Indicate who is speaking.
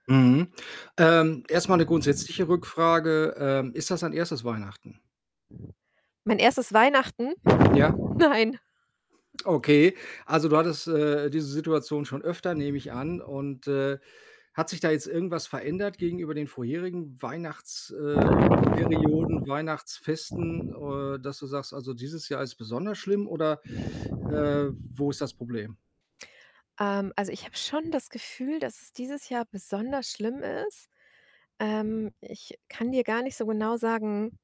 Speaker 1: Mhm. Ähm, erst mal 'ne grundsätzliche Rückfrage. Ähm, ist das dein 1. Weihnachten?
Speaker 2: Mein 1. Weihnachten?
Speaker 1: Ja.
Speaker 2: Nein.
Speaker 1: Okay. Also, du hattest, äh, diese Situation schon öfter, nehme ich an. Und, äh, hat sich da jetzt irgendwas verändert gegenüber den vorherigen Weihnachts äh, Perioden, Weihnachtsfesten, äh, dass du sagst: „Also dieses Jahr ist besonders schlimm“, oder, äh, wo ist das Problem?
Speaker 2: Ähm, also, ich habe schon das Gefühl, dass es dieses Jahr besonders schlimm ist. Ähm, ich kann dir gar nicht so genau sagen